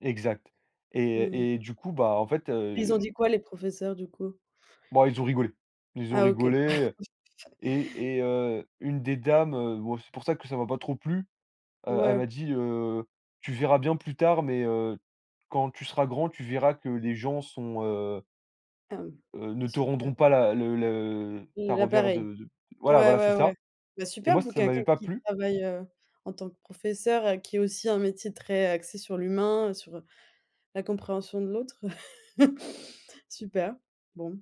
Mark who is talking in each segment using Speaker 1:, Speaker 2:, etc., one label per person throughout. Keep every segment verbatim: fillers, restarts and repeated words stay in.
Speaker 1: Exact,
Speaker 2: Mmh
Speaker 1: et- et du coup, bah, en fait,
Speaker 2: Ils ont
Speaker 1: heu
Speaker 2: dit quoi les professeurs, du coup?
Speaker 1: bah, ils ont rigolé. Ils ont
Speaker 2: Ah OK.
Speaker 1: rigolé, et et heu, une des dames, heu, bon, c'est pour ça que ça m'a pas trop plu, heu, elle
Speaker 2: Ouais.
Speaker 1: m'a dit, heu: «Tu verras bien plus tard, mais heu, quand tu seras grand, tu verras que les gens sont, heu
Speaker 2: Hem,
Speaker 1: heu, ne te
Speaker 2: super.
Speaker 1: rendront pas la le le ta
Speaker 2: La
Speaker 1: revers
Speaker 2: pareille.
Speaker 1: de de» voilà
Speaker 2: Ouais,
Speaker 1: voilà, c'est
Speaker 2: ouais, ouais.
Speaker 1: ça,
Speaker 2: Bah,
Speaker 1: et
Speaker 2: super,
Speaker 1: moi,
Speaker 2: pour
Speaker 1: ça m'avait
Speaker 2: quelqu'un
Speaker 1: pas
Speaker 2: qui
Speaker 1: plu.
Speaker 2: travaille, heu, en tant que professeur, heu, qui est aussi un métier très, heu, axé sur l'humain, heu, sur la compréhension de l'autre. Super. Bon.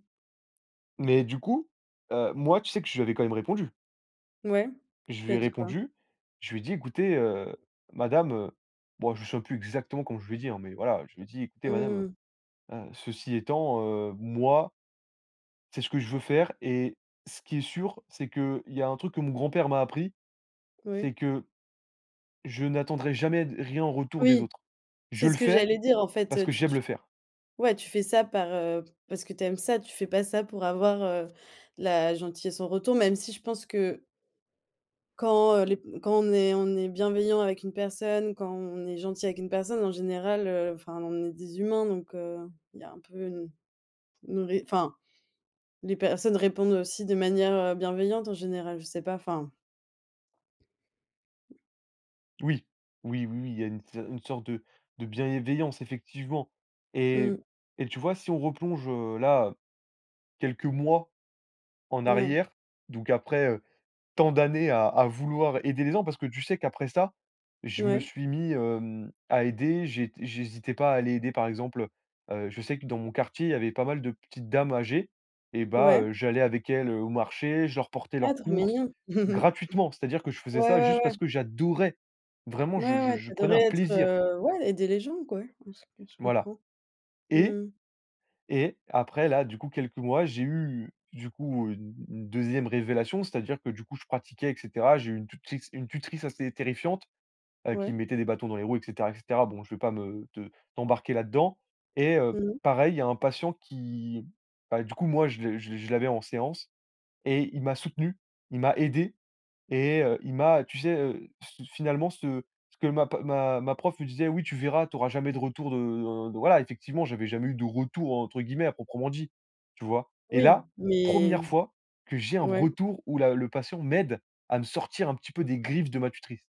Speaker 1: Mais du coup, heu, moi, tu sais que je lui avais quand même répondu.
Speaker 2: Ouais,
Speaker 1: Je
Speaker 2: tu lui
Speaker 1: lui
Speaker 2: as
Speaker 1: ai
Speaker 2: dit quoi?
Speaker 1: répondu, je lui ai dit: «Écoutez, heu, madame», heu, bon, je me souviens plus exactement comment je lui ai dit, hein, mais voilà, je lui ai dit: «Écoutez, madame,
Speaker 2: Mmh.
Speaker 1: heu heu, ceci étant, heu, moi c'est ce que je veux faire, et ce qui est sûr, c'est qu'il y a un truc que mon grand-père m'a appris,
Speaker 2: Oui.
Speaker 1: c'est que je n'attendrai jamais d rien en retour des
Speaker 2: Oui,
Speaker 1: autres. Je
Speaker 2: c'est
Speaker 1: le
Speaker 2: ce que
Speaker 1: fais
Speaker 2: j'allais dire, en
Speaker 1: parce
Speaker 2: fait.
Speaker 1: que
Speaker 2: Tu
Speaker 1: j'aime
Speaker 2: tu
Speaker 1: le faire.»
Speaker 2: ouais, tu fais ça par, heu, parce que tu aimes ça, tu fais pas ça pour avoir, heu, la gentillesse en retour, même si je pense que quand, heu, les p quand on est on est bienveillant avec une personne, quand on est gentil avec une personne, en général, heu, enfin on est des humains, donc heu, il y a un peu une une ré enfin les personnes répondent aussi de manière, heu, bienveillante en général, je sais pas, enfin.
Speaker 1: Oui, oui, oui, oui, il y a une s une sorte de de bienveillance effectivement, et m
Speaker 2: Mmh.
Speaker 1: et tu vois? Si on replonge, heu, là, quelques mois en
Speaker 2: N ouais.
Speaker 1: arrière, donc après, heu, tant d'années à à vouloir aider les zens, parce que tu sais qu'après ça, je me
Speaker 2: Ouais.
Speaker 1: suis mis, hem, à aider, j'ai t j'hésitais pas à aller aider, par exemple, heu heu, je sais que dans mon quartier, il y avait pas mal de petites dames âgées, et bah
Speaker 2: Ouais.
Speaker 1: heu, j'allais avec elles, heu, au marché, je leur portais
Speaker 2: Ah,
Speaker 1: leurs
Speaker 2: trop
Speaker 1: courses
Speaker 2: mignon.
Speaker 1: gratuitement, c'est-à-dire que je faisais
Speaker 2: Ouais,
Speaker 1: ça
Speaker 2: ouais,
Speaker 1: juste
Speaker 2: ouais.
Speaker 1: parce que j'adorais, vraiment je
Speaker 2: Ouais,
Speaker 1: je
Speaker 2: ouais, tu
Speaker 1: je prenais
Speaker 2: adorais
Speaker 1: un
Speaker 2: être,
Speaker 1: plaisir.
Speaker 2: heu, ouais, aider les gens, quoi ouais, heu, je c je
Speaker 1: Voilà,
Speaker 2: comprends. Mmh
Speaker 1: et
Speaker 2: mh.
Speaker 1: et après là, du coup, quelques mois, j'ai eu, du coup, une une deuxième révélation, c'est-à-dire que, du coup, je pratiquais et cetera, j'ai eu une tutrice une tutrice assez terrifiante, heu, qui
Speaker 2: Ouais.
Speaker 1: me mettait des bâtons dans les roues et cetera et cetera. Bon, je vais pas me te t'embarquer là-dedans, et heu,
Speaker 2: Mmh.
Speaker 1: pareil, il y a un patient qui, bah, du coup, moi, je le je le je l'avais en séance, et il m'a soutenu, il m'a aidé, et heu, il m'a tu sais, heu, c fi finalement, ce ce que ma p ma ma prof me disait: «Oui tu verras, tu auras jamais de retour de de» voilà effectivement, j'avais «jamais eu de retour», entre guillemets, à proprement dit, tu vois? Et
Speaker 2: Oui,
Speaker 1: là, première
Speaker 2: mais
Speaker 1: fois que j'ai un
Speaker 2: ouais.
Speaker 1: retour où la le patient m'aide à me sortir un petit peu des griffes de ma tutrice.